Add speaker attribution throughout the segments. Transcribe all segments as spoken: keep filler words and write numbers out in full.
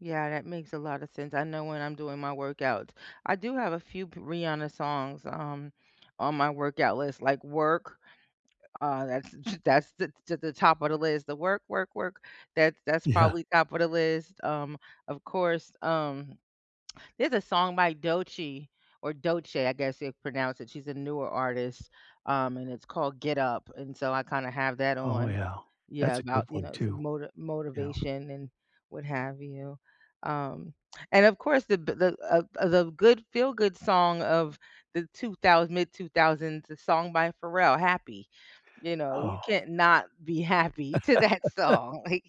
Speaker 1: Yeah, that makes a lotta sense, I know when I'm doing my workout. I do have a few p Rihanna songs, um, on my workout list, like, Work, uh, that's that's the the top of the list, the “work, work, work,” that's that's
Speaker 2: Yeah.
Speaker 1: probably top of the list, um, of course, um, there's a song by Doechii or Doechii, I guess you pronounce it, she's a newer artist, um, and it's called “Get Up,” and so I, kinda, have that
Speaker 2: Oh
Speaker 1: on
Speaker 2: yeah,
Speaker 1: Yeah,
Speaker 2: that's a good
Speaker 1: about, you
Speaker 2: one
Speaker 1: know, some
Speaker 2: too.
Speaker 1: moti
Speaker 2: Yeah.
Speaker 1: motivation and what have you, um, and of course the b the, uh, uh, the good feel-good song of the two-thous mid two-thousands, a song by Pharrell, Happy, you know, you
Speaker 2: Oh.
Speaker 1: can't not be happy to that song, like,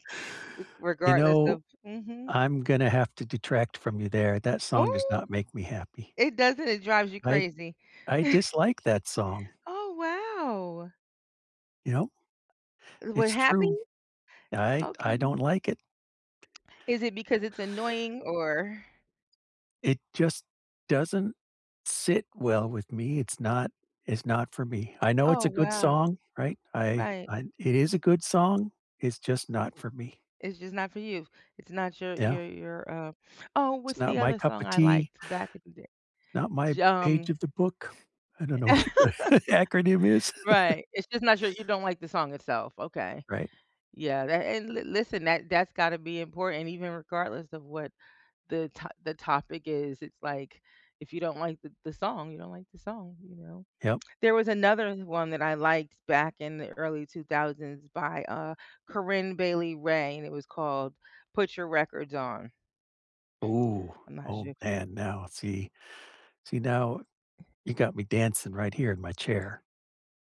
Speaker 1: r
Speaker 2: You
Speaker 1: regardless
Speaker 2: know,
Speaker 1: of mhm.
Speaker 2: I'm gonna have to detract from you there, that song does
Speaker 1: Oh!
Speaker 2: not make me happy.
Speaker 1: It doesn't, it drives you
Speaker 2: I
Speaker 1: crazy?
Speaker 2: I dislike that song.
Speaker 1: Oh, wow!
Speaker 2: You know?
Speaker 1: What,
Speaker 2: It's
Speaker 1: Happy?
Speaker 2: true. I I don't
Speaker 1: Okay
Speaker 2: like it.
Speaker 1: Is it because it's annoying or
Speaker 2: It just doesn't sit well with me, it's not it's not for me. I know it's
Speaker 1: Oh,
Speaker 2: a good
Speaker 1: wow.
Speaker 2: song, right? I
Speaker 1: Right.
Speaker 2: I it is a good song, it's just not for me.
Speaker 1: It's just not for you. It's not your
Speaker 2: Yeah.
Speaker 1: your your, uh oh,
Speaker 2: It's
Speaker 1: what's
Speaker 2: not
Speaker 1: the
Speaker 2: my
Speaker 1: other
Speaker 2: cup
Speaker 1: song
Speaker 2: of
Speaker 1: I
Speaker 2: tea
Speaker 1: liked back in the day?
Speaker 2: not my
Speaker 1: J
Speaker 2: page
Speaker 1: um,
Speaker 2: of the book. I don't know
Speaker 1: e e
Speaker 2: what the acronym is.
Speaker 1: Right, it's just not your you don't like the song itself, okay.
Speaker 2: Right.
Speaker 1: Yeah, that and li listen, that that's gotta be important even regardless of what the to the topic is, it's like, if you don't like the the song, you don't like the song, you know?
Speaker 2: Yep.
Speaker 1: There was another one that I liked back in the early two-thousands by, uh, Corinne Bailey Rae, and it was called “Put Your Records On.”
Speaker 2: Ooh,
Speaker 1: I'm not
Speaker 2: oh
Speaker 1: sure
Speaker 2: man, now, see see, now you got me dancing right here in my chair.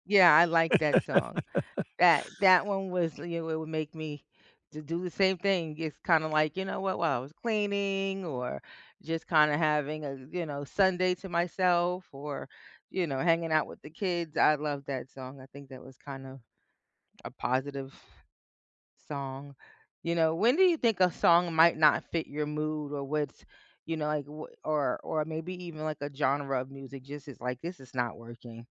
Speaker 1: Yeah, I like that song. That that one was you w would make me to do the same thing. It's, kinda, like, you know, what while I was cleaning or just kinda having a, you know, Sunday to myself or, you know, hanging out with the kids, I love that song. I think that was kind of a positive song, you know, when do you think a song might not fit your mood or what's you know, like, w or or maybe even, like, a genre of music?" just it's like, "This is not working."